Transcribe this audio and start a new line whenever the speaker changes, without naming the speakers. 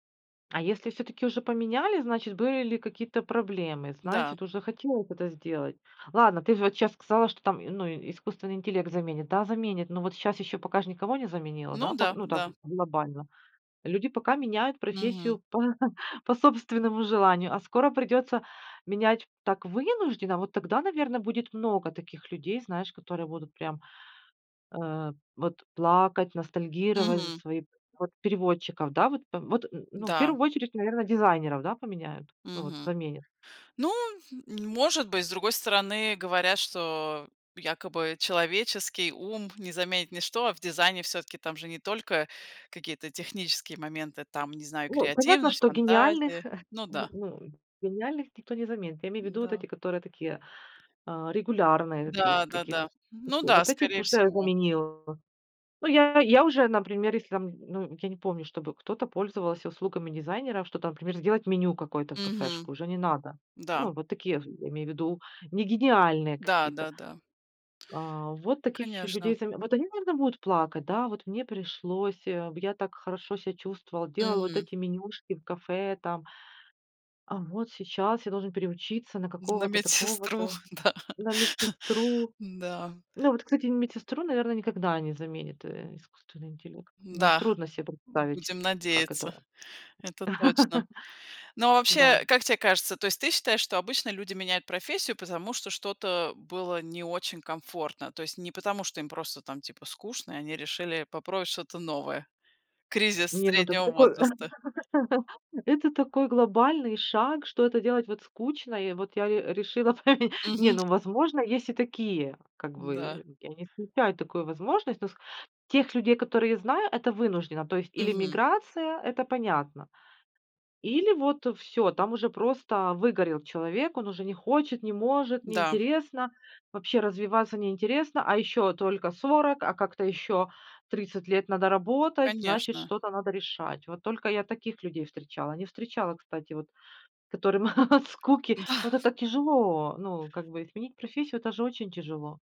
А если всё-таки уже поменяли, значит были ли какие-то проблемы,
Да.
значит уже хотела это сделать. Ладно, ты же вот щас сказала, что там, ну, искусственный интеллект заменит. Да, заменит. Но вот щас еще пока ж никого не заменило,
Ну
да?
да,
Ну так,
да.
глобально. Люди пока меняют
Мгм.
профессию по по собственному желанию, а скоро придется менять так, вынужденно. Вот тогда, наверно, будет много таких людей, знаешь, которые буду прям, э, вот плакать, ностальгировать за
Мгм.
свои Вот, переводчиков, да, вот. Вот н ну, в
Да.
первую очередь, наверно, дизайнеров, да, поменяют, ну вот,
Мгм.
заменят.
Ну, может быть. С другой стороны, говорят, что якобы человеческий ум не заменит ничто, а в дизайне всё-таки, там же не только какие-то технические моменты, там, не знаю,
Ну, понятно,
креативность,
что гениальных
фантазия.
х,
Ну да.
ну, гениальных никто не заменит. Я имею ввиду, вот
Да.
эти, которые такие, а, регулярные такие, какие-то
Да-да-да,
вот
ну
такие.
да,
Вот этих
скорее
уже
всего.
заменил. Ну, я я уже, например, если там, ну, я не помню, чтобы кто-то пользовался услугами дизайнера, что там, например, сделать меню какое-то в
Мгм.
кафешку, уже не надо.
Да.
Ну, вот такие в я имею ввиду, не гениальные какие-то.
Да-да-да.
А, вот таких еще людей
Конечно.
заме Вот они, наверно, будут плакать, да: "Вот мне пришлось, я так хорошо ся чувствовал, делал вот
Мгм.
эти менюшки в кафе там, а вот сейчас я должен переучиться на
На
какого-то
медсестру,
такого-то,
да,
на медсестру".
да.
Ну вот, кстати, медсестру, наверно, никогда не заменит, э, искусственный интеллект. Ну,
Да.
трудно се представить,
Будем
как
надеяться,
это.
это точно. Но вообще,
Да.
как те кажется, то есть ты считаешь, что обычно люди меняют профессию, потому что что-то было не очень комфортно? То есть не потому, что им просто там, типа, скучно, и они решили попробовать что-то новое? Кризис
Не, ну, это
среднего
такой такой
возраста.
это такой глобальный шаг, что это делать вот скучно. И вот я ре решила поме. Не,
Мгм.
ну, возможно, есть и такие, как
Да.
бы, я не исключаю такую возможность. Тех людей, которые я знаю, это вынужденно. То есть, или
Мгм.
миграция- это понятно, или вот всё, там уже просто выгорел человек, он уже не хочет, не может, не
Да.
интересно, вообще развиваться не интересно. А еще только 40, а как-то еще 30 лет надо работать, значит
Конечно.
что-то надо решать. Вот только я таких людей встречала. Не встречала, кстати, вот, которым от скуки. Ну это
Да.
так тяжело, ну, как бы изменить профессию- это же очень тяжело.